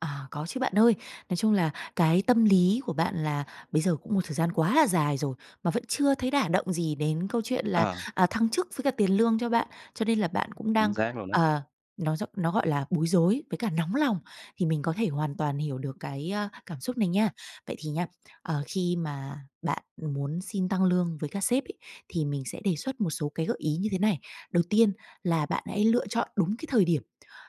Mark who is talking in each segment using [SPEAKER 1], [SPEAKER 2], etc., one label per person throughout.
[SPEAKER 1] À, có chứ bạn ơi. Nói chung là cái tâm lý của bạn là bây giờ cũng một thời gian quá là dài rồi mà vẫn chưa thấy đả động gì đến câu chuyện là,
[SPEAKER 2] Ờ.
[SPEAKER 1] à, thăng chức với cả tiền lương cho bạn. Cho nên là bạn cũng
[SPEAKER 2] Chính
[SPEAKER 1] đang,
[SPEAKER 2] xác luôn á.
[SPEAKER 1] ờ, nó d nó, gọi là, bối rối với cả nóng lòng thì mình có thể hoàn toàn hiểu được cái, a, cảm xúc này nha. Vậy thì nha, ờ, khi mà bạn muốn xin tăng lương với các sếp ấy, thì mình sẽ đề xuất một số cái gợi ý như thế này. Đầu tiên là bạn hãy lựa chọn đúng cái thời điểm.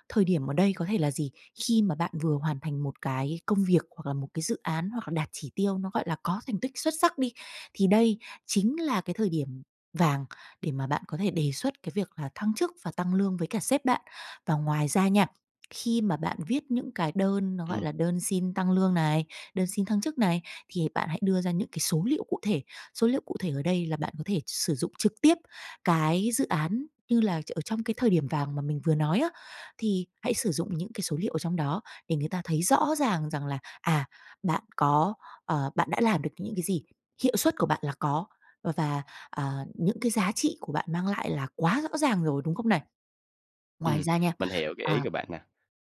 [SPEAKER 1] Thời điểm ở đây có thể là gì? Khi mà bạn vừa hoàn thành một cái công việc, hoặc là một cái dự án, hoặc là đạt chỉ tiêu nó, gọi là, có thành tích xuất sắc đi, thì đây chính là cái thời điểm vàng để mà bạn có thể đề xuất cái việc là thăng chức và tăng lương với cả sếp bạn. Và ngoài ra nha, khi mà bạn viết những cái đơn nó, gọi
[SPEAKER 2] Ừm.
[SPEAKER 1] là, đơn xin tăng lương này, đơn xin thăng chức này, thì bạn hãy đưa ra những cái số liệu cụ thể. Số liệu cụ thể ở đây là bạn có thể sử dụng trực tiếp cái dự án như là ở trong cái thời điểm vàng mà mình vừa nói á, thì hãy sử dụng những cái số liệu ở trong đó để người ta thấy rõ ràng rằng là, à, bạn có, ờ, bạn đã làm được những cái gì, hiệu suất của bạn là có và và, à, những cái giá trị của bạn mang lại là quá rõ ràng rồi, đúng không này? Ngoài
[SPEAKER 2] Ừm.
[SPEAKER 1] ra nha
[SPEAKER 2] Mình hiểu cái
[SPEAKER 1] à.
[SPEAKER 2] ý của bạn nè.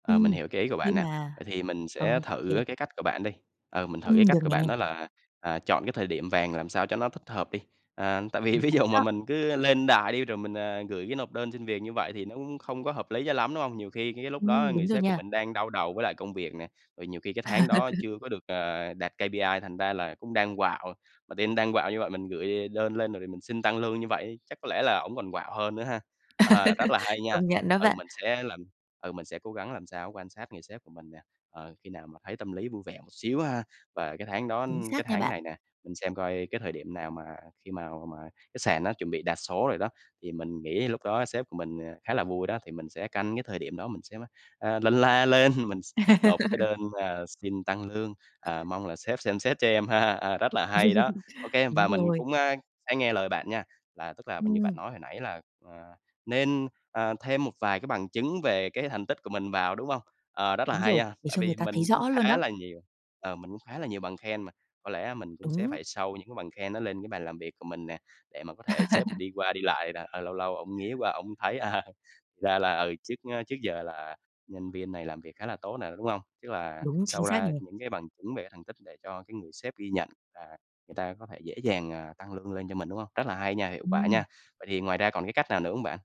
[SPEAKER 2] Ờ, mình
[SPEAKER 1] Ừm.
[SPEAKER 2] hiểu cái ý của bạn
[SPEAKER 1] Nhưng
[SPEAKER 2] nè.
[SPEAKER 1] mà
[SPEAKER 2] Vậy thì mình
[SPEAKER 1] ừ,
[SPEAKER 2] sẽ
[SPEAKER 1] ô kê.
[SPEAKER 2] thử cái cách của bạn đi ờ, mình thử
[SPEAKER 1] Ừm,
[SPEAKER 2] cái
[SPEAKER 1] được
[SPEAKER 2] cách của
[SPEAKER 1] nè.
[SPEAKER 2] bạn đó là, à, chọn cái thời điểm vàng làm sao cho nó thích hợp đi. À, tại vì
[SPEAKER 1] Chính
[SPEAKER 2] ví dụ
[SPEAKER 1] xác
[SPEAKER 2] mà
[SPEAKER 1] đó.
[SPEAKER 2] mình cứ lên đài đi rồi mình, à, gửi cái nộp đơn xin việc như vậy thì nó cũng không có hợp lý cho lắm, đúng hông? Nhiều khi cái cái lúc đó
[SPEAKER 1] Ừm,
[SPEAKER 2] người
[SPEAKER 1] đúng rồi
[SPEAKER 2] sếp của
[SPEAKER 1] nha.
[SPEAKER 2] mình đang đau đầu với lại công việc nè, rồi nhiều khi cái tháng đó chưa có được, ờ, đạt KPI, thành ra là cũng đang quạu. Mà team đang quạu như vậy mình gửi đơn lên rồi thì mình xin tăng lương như vậy, chắc có lẽ là ổng còn quạu hơn nữa ha? Ờ, rất là hay nha.
[SPEAKER 1] Công nhận đó
[SPEAKER 2] Ừ,
[SPEAKER 1] bạn.
[SPEAKER 2] mình sẽ làm ừ, mình sẽ cố gắng làm sao quan sát người sếp của mình nè, ờ, khi nào mà thấy tâm lý vui vẻ một xíu ha. Và cái tháng đó
[SPEAKER 1] Chính
[SPEAKER 2] cái
[SPEAKER 1] xác nha
[SPEAKER 2] tháng
[SPEAKER 1] bạn.
[SPEAKER 2] này nè, mình xem coi cái thời điểm nào mà khi mào mà cái sàn nó chuẩn bị đạt số rồi đó, thì mình nghĩ lúc đó sếp của mình, ờ, khá là vui đó, thì mình sẽ canh cái thời điểm đó, mình sẽ, a, lân la lên, mình s nộp cái đơn mà xin tăng lương, ờ, "Mong là sếp xem xét cho em ha." À, rất là hay đó. Ô kê,
[SPEAKER 1] Đúng
[SPEAKER 2] và mình
[SPEAKER 1] rồi.
[SPEAKER 2] cũng, a, sẽ nghe lời bạn nha, là tức là như bạn
[SPEAKER 1] Ừm.
[SPEAKER 2] nói hồi nãy là, ờ, nên, à, thêm một vài cái bằng chứng về cái thành tích của mình vào, đúng hông? Ờ, rất là
[SPEAKER 1] Đúng
[SPEAKER 2] hay
[SPEAKER 1] rồi.
[SPEAKER 2] ha,
[SPEAKER 1] Để
[SPEAKER 2] tại
[SPEAKER 1] cho người
[SPEAKER 2] vì
[SPEAKER 1] ta
[SPEAKER 2] mình
[SPEAKER 1] thấy
[SPEAKER 2] cũng
[SPEAKER 1] rõ luôn
[SPEAKER 2] khá
[SPEAKER 1] đó.
[SPEAKER 2] là nhiều ờ, mình cũng khá là nhiều bằng khen mà. Có lẽ mình cũng sẽ
[SPEAKER 1] Đúng!
[SPEAKER 2] phải show những cái bằng khen đó lên cái bàn làm việc của mình nè, để mà có thể sếp đi qua đi lại là, ờ, lâu lâu ông nghía qua ông thấy, à, "Ra là, ừ, trước, ơ, trước giờ là nhân viên này làm việc khá là tốt nè", đúng hông? Tức là
[SPEAKER 1] Đúng, chính
[SPEAKER 2] show
[SPEAKER 1] xác
[SPEAKER 2] ra
[SPEAKER 1] nè.
[SPEAKER 2] những cái bằng chứng về thành tích để cho cái người sếp ghi nhận là người ta có thể dễ dàng, à, tăng lương lên cho mình, đúng hông? Rất là hay nha, hiệu quả
[SPEAKER 1] Ừm.
[SPEAKER 2] nha! Vậy thì ngoài ra còn cái cách nào nữa hông bạn?